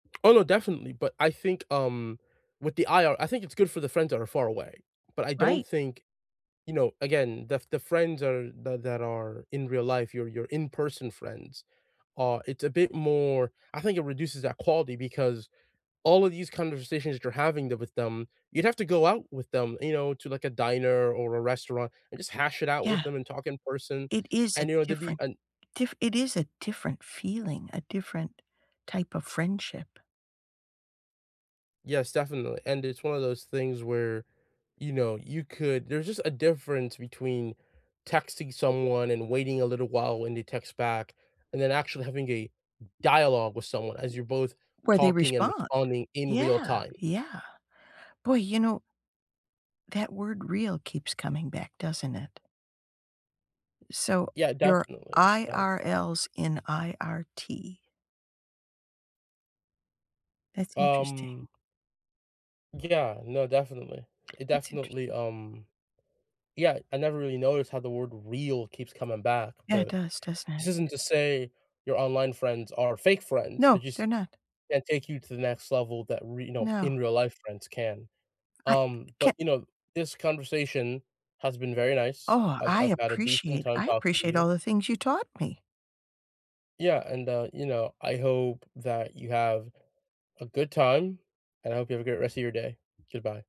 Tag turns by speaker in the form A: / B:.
A: Oh, no, definitely, but I think, um, with the IR I think it's good for the friends that are far away. But I don't
B: Right.
A: think, you know, again, the the friends are that that are in real life, your your in-person friends, uh, it's a bit more I think it reduces that quality because all of these conversations that you're having the with them, you'd have to go out with them, you know, to, like, a diner or a restaurant, and just hash it out with
B: Yeah.
A: them and talk in person,
B: It is a
A: and, you know, to be
B: different
A: an
B: diff it is a different feeling, a different type of friendship.
A: Yes, definitely, and it's one of those things where, you know, you could there's just a difference between texting someone and waiting a little while when they text back, and then actually having a dialogue with someone as you're both
B: Where they
A: talking and
B: respond.
A: responding in real
B: Yeah.
A: time.
B: Yeah. Boy, you know that word "real" keeps coming back, doesn't it? So,
A: Yeah,
B: your
A: definitely does.
B: IRLs in IRT. That's interesting.
A: Um Yeah, no, definitely. It
B: That's
A: definitely,
B: interesting.
A: um yeah, I never really noticed how the word "real" keeps coming back,
B: Yeah, it
A: but
B: does, doesn't it?
A: this isn't to say your online friends are fake friends, they
B: No,
A: just
B: they're not.
A: can't take you to the next level that, re no,
B: No.
A: in real life friends can,
B: I
A: um,
B: ca
A: but, you know, this conversation has been very nice.
B: Oh,
A: I've
B: I
A: I've had a decent
B: appreciate
A: time
B: I
A: talking to
B: appreciate
A: you
B: all the things you taught me.
A: Yeah, and, uh, you know, I hope that you have a good time, and I hope you have a great rest of your day, goodbye.